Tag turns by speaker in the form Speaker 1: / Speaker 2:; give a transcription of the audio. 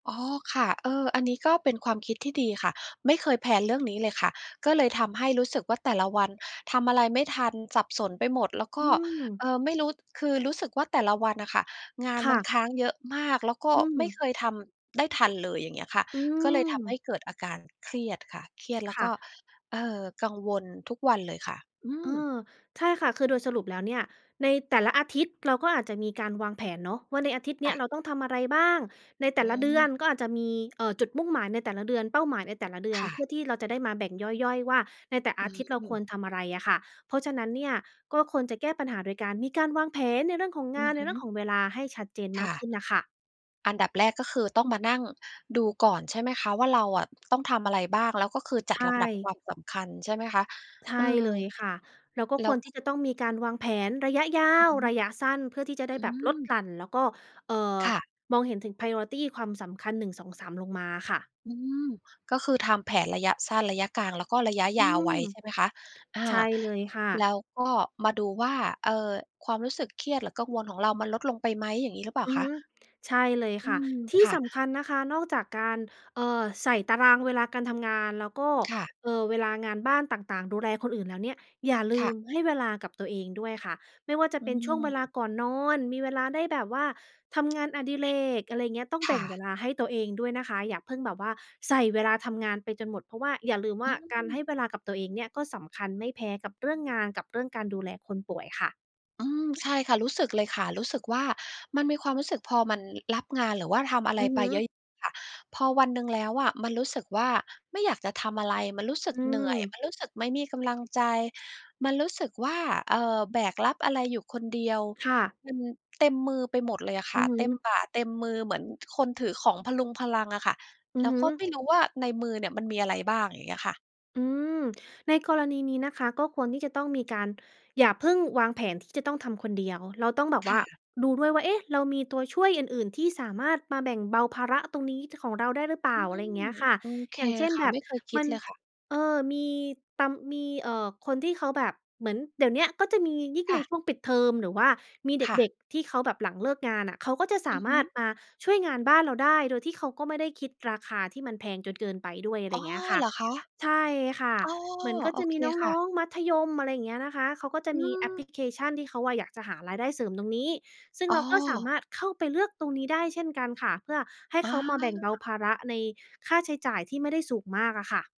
Speaker 1: อ๋อ ค่ะ เออ อันนี้ก็เป็นความคิดที่ดีค่ะ ไม่เคยแพลนเรื่องนี้เลยค่ะ ก็เลยทำให้รู้สึกว่า แต่ละวันทำอะไรไม่ทัน สับสนไปหมดแล้วก
Speaker 2: อื
Speaker 1: ็ เ
Speaker 2: ม
Speaker 1: อ่อ ไม่รู้ คือรู้สึกว่า แต่ละวันน่ะค่ะ งาน
Speaker 2: ค
Speaker 1: ม
Speaker 2: ่
Speaker 1: ันค
Speaker 2: ะ
Speaker 1: ้างเยอะมาก แล้วก็
Speaker 2: อื
Speaker 1: ไม่
Speaker 2: ม
Speaker 1: เคยทำได้ทันเลย อย่างเงี้ยค่ะ
Speaker 2: อื
Speaker 1: ก็เลยทำให
Speaker 2: ม
Speaker 1: ้เกิดอาการเครียดค่ะ เครียดแล้
Speaker 2: ค
Speaker 1: ว
Speaker 2: ่
Speaker 1: ก็
Speaker 2: ะ
Speaker 1: เอ่อ กังวลทุกวันเลยค่ะ อื
Speaker 2: เอ
Speaker 1: ม
Speaker 2: อ ใช่ค่ะ คือโดยสรุปแล้วเนี่ย ในแต่ละอาทิตย์ เราก็อาจจะมีการวางแผนเนาะว่า ในอาทิตย์เ
Speaker 1: ค
Speaker 2: นี
Speaker 1: ่
Speaker 2: ้ย เ
Speaker 1: ะ
Speaker 2: ราต้องทำอะไรบ้าง ในแต
Speaker 1: อ
Speaker 2: ่
Speaker 1: ื
Speaker 2: ละเดือ
Speaker 1: ม
Speaker 2: นก็อาจจะมี เอ่อ จุดมุ่งหมายในแต่ละเดือน เป้าหมายในแต่ละเดือ
Speaker 1: ค
Speaker 2: น
Speaker 1: ่
Speaker 2: เพื
Speaker 1: ะ
Speaker 2: ่อที่เราจะได้มาแบ่งย่อย ๆ ว่า ในแต่
Speaker 1: อ
Speaker 2: อาทิตย์เราค
Speaker 1: ื
Speaker 2: ว
Speaker 1: ม
Speaker 2: รทำอะไรอะค่ะ เพราะฉะนั้นเนี่ย ก็ควรจะแก้ปัญหาโดยการมีการวางแผนในเรื่องของ
Speaker 1: อ
Speaker 2: ง
Speaker 1: ื
Speaker 2: าน
Speaker 1: อ
Speaker 2: ใน
Speaker 1: ฮ
Speaker 2: เรื่อง
Speaker 1: ึ
Speaker 2: ของเวลาให้ชัดเจน
Speaker 1: ค
Speaker 2: มา
Speaker 1: ่
Speaker 2: กข
Speaker 1: ะ
Speaker 2: ึ้นน่ะค่ะ
Speaker 1: อันดับแรกก็คือ ต้องมานั่งดูก่อน ใช่ไหมคะว่า เราอะ ต้องทำอะไรบ้าง แล้วก็คือ จ
Speaker 2: ใ
Speaker 1: ัด
Speaker 2: ช
Speaker 1: ลำดับค
Speaker 2: ่
Speaker 1: วามสำคัญ ใช่ไหมคะ
Speaker 2: ใช
Speaker 1: เ
Speaker 2: ่
Speaker 1: ออ
Speaker 2: เลยค่ะ เราก็
Speaker 1: แล้
Speaker 2: คว
Speaker 1: ว
Speaker 2: รท
Speaker 1: ก
Speaker 2: ี่จะต้องมีการวางแผนระยะยา
Speaker 1: อือ
Speaker 2: ว
Speaker 1: ฮึ
Speaker 2: ระยะสั้น เพื่อที่จะได้
Speaker 1: อื
Speaker 2: แบบลด
Speaker 1: ม
Speaker 2: หลั่นแล้วก็ เอ่อ
Speaker 1: ค่ะ
Speaker 2: มองเห็นถึง priority ความสำคัญ 1 2 3 ลงมาอะค่ะ
Speaker 1: อืม ก็คือทำแผนระยะสั้น ระยะกลาง แล้วก็ระยะ
Speaker 2: อ
Speaker 1: ย
Speaker 2: ื
Speaker 1: าวไว้
Speaker 2: ม
Speaker 1: ใช่ไหมคะ อ่า
Speaker 2: ใช่เลยค่
Speaker 1: แล
Speaker 2: ะ
Speaker 1: ้วก็มาดูว่า เอ่อ ความรู้สึกเครียด หรือกังวลของเรา มันลดลงไปไหม อย่างนี้หรือเปล่า
Speaker 2: อื
Speaker 1: ค
Speaker 2: อ
Speaker 1: ะ?
Speaker 2: ฮึ ใช่เลย
Speaker 1: อื
Speaker 2: ค่ะ
Speaker 1: ม
Speaker 2: ที่
Speaker 1: ค่ะ
Speaker 2: สำคัญนะคะ นอกจากการ เอ่อ ใส่ตารางเวลาการทำงาน แล้วก็
Speaker 1: ค่ะ
Speaker 2: เอ่อ เวลางานบ้านต่าง ๆ ดูแลคนอื่นแล้วเนี่ย อย่าล
Speaker 1: ค
Speaker 2: ื
Speaker 1: ่ะ
Speaker 2: มให้เวลากับตัวเองด้วยค่ะ ไม่ว่าจะ
Speaker 1: อื
Speaker 2: เป็นช่วงเวลา
Speaker 1: ม
Speaker 2: ก่อนนอน มีเวลาได้แบบว่าทำงานอดิเรก อะไรอย่างเงี้ย ต้อง
Speaker 1: ค
Speaker 2: แบ
Speaker 1: ่
Speaker 2: ่งเว
Speaker 1: ะ
Speaker 2: ลาให้ตัวเองด้วยนะคะ อย่าเพิ่งแบบว่าใส่เวลาทำงานไปจนหมด เพราะว่า อย่าลืมว
Speaker 1: อื
Speaker 2: ่าการให้
Speaker 1: ม
Speaker 2: เวลากับตัวเองเนี่ย ก็สำคัญไม่แพ้กับเรื่องงานกับเรื่องการดูแลคนป่วยค่ะ
Speaker 1: อืม ใช่ค่ะ รู้สึกเลยค่ะ รู้สึกว่า มันมีความรู้สึก พอมันรับงาน หรือว่าทำอะไ
Speaker 2: อ
Speaker 1: ร
Speaker 2: ือ
Speaker 1: ไ
Speaker 2: ฮ
Speaker 1: ปเยอ
Speaker 2: ึ
Speaker 1: ะ ๆ ค่ะ พอวันหนึ่งแล้วอะ มันรู้สึกว่า ไม่อยากจะทำอะไร มันรู้สึ
Speaker 2: อ
Speaker 1: ก
Speaker 2: ื
Speaker 1: เหนื่อย
Speaker 2: ม
Speaker 1: มันรู้สึกไม่มีกำลังใจ มันรู้สึกว่า เอ่อ แบกรับอะไรอยู่คนเดียว
Speaker 2: ค่ะ
Speaker 1: มันเต็มมือไปหมดเลยอะค
Speaker 2: อื
Speaker 1: ่ะ
Speaker 2: อฮ
Speaker 1: เ
Speaker 2: ึ
Speaker 1: ต็มบ่า เต็มมือเหมือนคนถือของพะรุงพะรังอะค่ะ
Speaker 2: อื
Speaker 1: แล
Speaker 2: อ
Speaker 1: ้ว
Speaker 2: ฮ
Speaker 1: ก็ไม
Speaker 2: ึ
Speaker 1: ่รู้ว่า ในมือเนี่ย มันมีอะไรบ้าง อย่างเงี้ยค่ะ
Speaker 2: อืม ในกรณีนี้นะคะ ก็ควรที่จะต้องมีการ อย่าเพิ่งวางแผนที่จะต้องทำคนเดียว เราต้องแบบ
Speaker 1: ค
Speaker 2: ว่
Speaker 1: ่
Speaker 2: า
Speaker 1: ะ
Speaker 2: ดูด้วยว่า เอ๊ะ! เรามีตัวช่วยอื่น ๆ ที่สามารถมาแบ่งเบาภาระตรงนี้ ต ของเราได้หรือเปล
Speaker 1: อ
Speaker 2: ่
Speaker 1: ื
Speaker 2: า อะไรอย
Speaker 1: ม
Speaker 2: ่างเงี้ยค่ะ
Speaker 1: โอเค
Speaker 2: อย่างเช่น
Speaker 1: ค่ะ
Speaker 2: แบบ
Speaker 1: ไม่เคยค
Speaker 2: ม
Speaker 1: ิ
Speaker 2: ั
Speaker 1: ด
Speaker 2: น
Speaker 1: เลยค่ะ
Speaker 2: เออ มีตำ มี เอ่อ คนที่เขาแบบเหมือนเดี๋ยวเนี้ย ก็จะมียิ่ง
Speaker 1: ค
Speaker 2: ใ
Speaker 1: ่
Speaker 2: น
Speaker 1: ะ
Speaker 2: ช่วงปิดเทอม หรือว่ามีเ
Speaker 1: ค่ะ
Speaker 2: ด็ก ๆ ที่เขาแบบหลังเลิกงานอะ เขาก็จะส
Speaker 1: อื
Speaker 2: า
Speaker 1: อฮ
Speaker 2: ม
Speaker 1: ึ
Speaker 2: ารถมาช่วยงานบ้านเราได้ โดยที่เขาก็ไม่ได้คิดราคาที่มันแพงจนเกินไปด้วย อะไร
Speaker 1: อ๋อ
Speaker 2: เงี้ยค่
Speaker 1: เ
Speaker 2: ะ
Speaker 1: หรอคะ?
Speaker 2: ใช่ค่ะ
Speaker 1: อ๋อ
Speaker 2: เหมือนก็
Speaker 1: โอ
Speaker 2: จะ
Speaker 1: เ
Speaker 2: ม
Speaker 1: ค
Speaker 2: ีน
Speaker 1: ค่
Speaker 2: ้อ
Speaker 1: ะ
Speaker 2: ง ๆ มัธยม อะไรอย่างเงี้ยนะคะ เขาก็จะ
Speaker 1: อื
Speaker 2: มีแอปพ
Speaker 1: ม
Speaker 2: ลิเคชันที่เขาอะอยากจะหารายได้เสริมตรงนี้ ซึ่ง
Speaker 1: อ๋
Speaker 2: เราก็สา
Speaker 1: อ
Speaker 2: มารถเข้าไปเลือกตรงนี้ได้เช่นกันค่ะ เพื่อให้
Speaker 1: อ
Speaker 2: เขามาแบ่งเบา
Speaker 1: า
Speaker 2: ภาระในค่าใช้จ่ายที่ไม่ได้สูงมากอะค่ะ